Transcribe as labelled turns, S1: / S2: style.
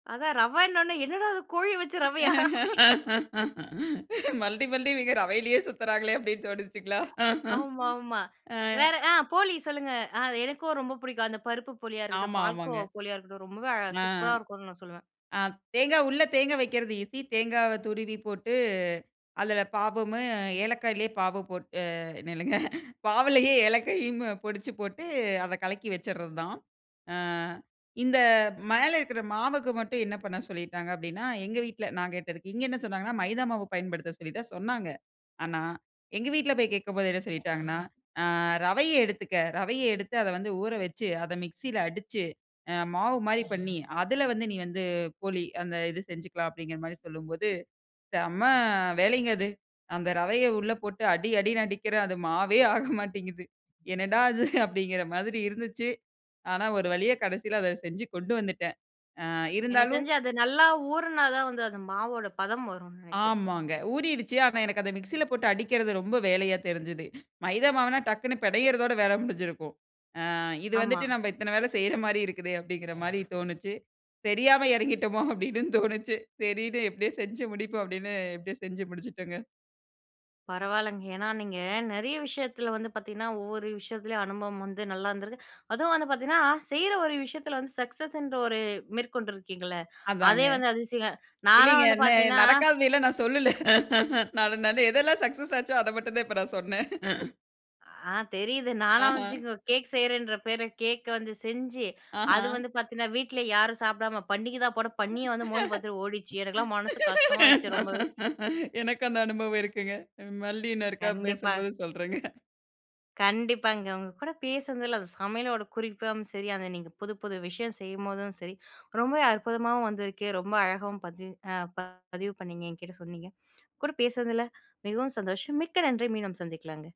S1: அதான் ரவைன்ன உடனே, "என்னடா அது கோழி வச்சு ரவையா அப்டின்னு
S2: மறுபடியும், மறுபடியும் இவங்க ரவையிலேயே சுத்துறாங்களே அப்டி னு தோணுச்சுங்கலா?
S1: ஆமாமா,
S2: அ.
S1: வேற அ போளி சொல்லுங்க. அது எனக்கும் ரொம்ப பிடிக்கும். அந்த பருப்பு போளியா இருக்கட்டும்,
S2: ஆமா, ஆமாங்க.
S1: பால்கோவா போளியா இருக்கட்டும். ரொம்பவே அ
S2: அ.
S1: சூப்பரா இருக்கும்னு நான் சொல்லுவேன்.
S2: அ தேங்கா உள்ள தேங்கா வெக்குறது ஈசி. தேங்காவ துருவி போட்டு அதில பாவும் ஏலக்காயிலயே பாவு போட்டு அ நில்லுங்க. பாவிலேயே ஏலக்காயும் பொடிச்சு போட்டு அத கலக்கி வெச்சறது தான். அ. இந்த மேலே இருக்க மாவுக்கு மட்டும் என்ன பண்ண சொல்லிவிட்டாங்க அப்டினா, எங்க வீட்டில நான் கேட்டதுக்கு இங்க என்ன சொன்னாங்கனா மைதா மாவு பயன்படுத்த சொல்லி தான் சொன்னாங்க. ஆனா, எங்க வீட்டில போய் கேட்கும்போது என்ன சொல்லீட்டாங்கன்னா, அ, ரவைய எடுத்துக்க ரவைய எடுத்து அத வந்து ஊறவெச்சு, அத மிக்ஸில அடிச்சு, அ மாவு மாரி பண்ணி. அதில வந்து நீ வந்து போளி அந்த இது செஞ்சுக்கலாம் அப்டின்கற மாரி சொல்லும்போது, செம்ம வேலைங்க அது. அந்த ரவைய உள்ள போட்டு அடி, அடின்னு அடிக்கிற அது மாவே ஆக மாட்டேன்கிது. என்னடா இது அப்டின்கற மாரி இருந்துச்சு. ஆனா ஒரு வழியா, கடைசில அத செஞ்சு கொண்டு வந்துட்டேன். அ,
S1: எனக்கு
S2: இருந்தாலும்
S1: தெரிஞ்சு, அது நல்லா ஊறுனா தான் வந்து அந்த மாவோட பதம் வரும்னு நினக்கிறேன்.
S2: ஆமாங்க, ஊறிருச்சு. ஆனா எனக்கு அத மிக்ஸில போட்டு அடிக்கிறது ரொம்ப வேலையா தெரிஞ்சுது. மைதா மாவுனால டக்குனு பினையறதோட வேல முடிஞ்சிருக்கும். அ இது
S1: ஆமா.
S2: வந்துட்டு, நம்ம இத்தன வேல செய்ற மாரி இருக்குதே! அப்டிங்கிற மாரி தோணுச்சு. தெரியாம இறங்கிட்டமோ அப்டின்னு தோணுச்சு. சரின்னு எப்படியே செஞ்சு முடிப்போம். அப்டின்னு எப்படியோ செஞ்சு முடிச்சுட்டோங்க.
S1: பரவால்லங்க! ஏன்னா நீங்க நிறைய விஷயத்தில வந்து பார்த்தீங்கன்னா, ஒவ்வொரு விஷயத்துலயும் அனுபவம் வந்து நல்லா இருந்திருக்கு. அதுவும் வந்து பார்த்தீங்கன்னா, செய்ற ஒரு விஷயத்தில வந்து சக்சஸ் என்ற ஒரு மேற்கொண்டிருக்கீங்களே!
S2: அதாங்க.
S1: அதே வந்து அதிசயம். நாலாம்
S2: இல்லங்க
S1: வந்து
S2: ந
S1: பார்த்தீங்கன்னா
S2: நடக்காததைலாம் நான் சொல்லல. நான் அது எதெல்லாம் சக்சஸ் அச்சோ அத மட்டும் தான் நான் சொன்னேன்.
S1: அ தெரியுது. நானா
S2: அஹ.
S1: வந்துச்சுங் கேக் செய்றேன்ற பேர்ல கேக் வந்து செஞ்சு, அது
S2: அஹ.
S1: வந்து பார்த்தீங்கன்னா, வீட்ல யாரும் சாப்பிடாம, பன்னிக தான் போட, பன்னியே வந்து மோர்ந்து பார்த்துட்டு ஓடிடுச்சு. எனக்கெல்லாம் மனசு கஷ்டமா ஆயிடுச்சு ரொம்பவே.
S2: எனக்கு அந்த அனுபவம் இருக்குங்க. ம் மறுபடியும் இன்னொருக்கா
S1: கண்டிப்பா.
S2: பேசும்போது சொல்றங்க!
S1: கண்டிப்பாங்க உங்க கூட பேசுனதுல்ல, அந்த சமையலோட குறிப்பும் சரி, அந்த நீங்க புது புது விஷயம் செய்யும்போதும் சரி. ரொம்பவே அற்புதமாவும் வந்திருக்கு. ரொம்ப அழகாவும் பதிஞ் அ பதிவு பண்ணிங்க. என்கிட்ட சொன்னீங்க. கூட பேசுனதில, மிகவும் சந்தோஷம், மிக்க நன்றி! மீண்டும் சந்திக்கலாங்க.